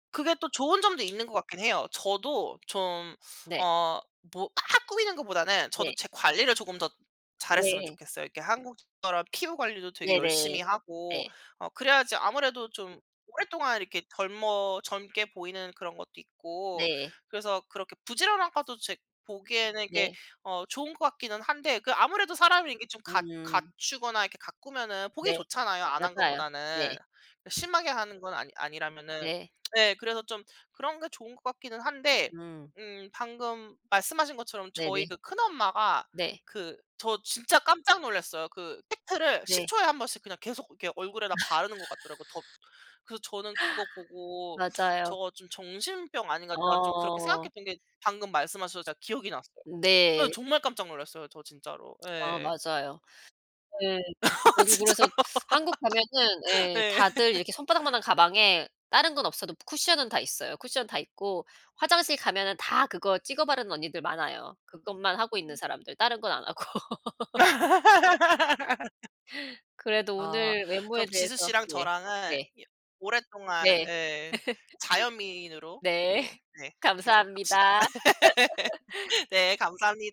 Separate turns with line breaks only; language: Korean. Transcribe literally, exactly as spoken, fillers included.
그게 또 좋은 점도 있는 것 같긴 해요. 저도 좀
네.
어 뭐 막 꾸미는 것보다는
네.
저도 제 관리를 조금 더 잘 했으면
네.
좋겠어요. 이렇게 한국 사람 피부 관리도 되게
네네.
열심히 하고
네.
어 그래야지 아무래도 좀 오랫동안 이렇게 젊어 젊게 보이는 그런 것도 있고
네.
그래서 그렇게 부지런한 것도 제 보기에는 이게
네.
어 좋은 것 같기는 한데 그 아무래도 사람이 이게 좀 갖
음.
갖추거나 이렇게 가꾸면은 보기
네.
좋잖아요 안 한
맞아요.
것보다는.
네.
심하게 하는 건 아니 아니라면은.
네.
네 그래서 좀 그런 게 좋은 것 같기는 한데
음.
음 방금 말씀하신 것처럼 저희
네네.
그 큰엄마가
네.
그 저 진짜 깜짝 놀랐어요. 그 팩트를 십
네.
초에 한 번씩 그냥 계속 이렇게 얼굴에다 바르는 것 같더라고 덧 그래서 저는 그거 보고
맞아요.
'저거 좀 정신병 아닌가.' 제가 좀 그렇게
어.
생각했던 게 방금 말씀하셔서 제가 기억이 났어요. 예
네.
정말 깜짝 놀랐어요 저 진짜로.
아
예.
맞아요. 네. 저도 그래서
진짜요.
한국 가면은 예
네.
다들 이렇게 손바닥만한 가방에 다른 건 없어도 쿠션은 다 있어요 쿠션은 다 있고. 화장실 가면은 다 그거 찍어 바르는 언니들 많아요. 그것만 하고 있는 사람들 다른 건 안 하고. 그래도
아
오늘 외모에
그럼 지수
대해서
씨랑
네
저랑은
네.
여 오랫동안
네.
예 자연미인으로
네
이렇게 네 계속 갑시다.
감사합니다.
네 감사합니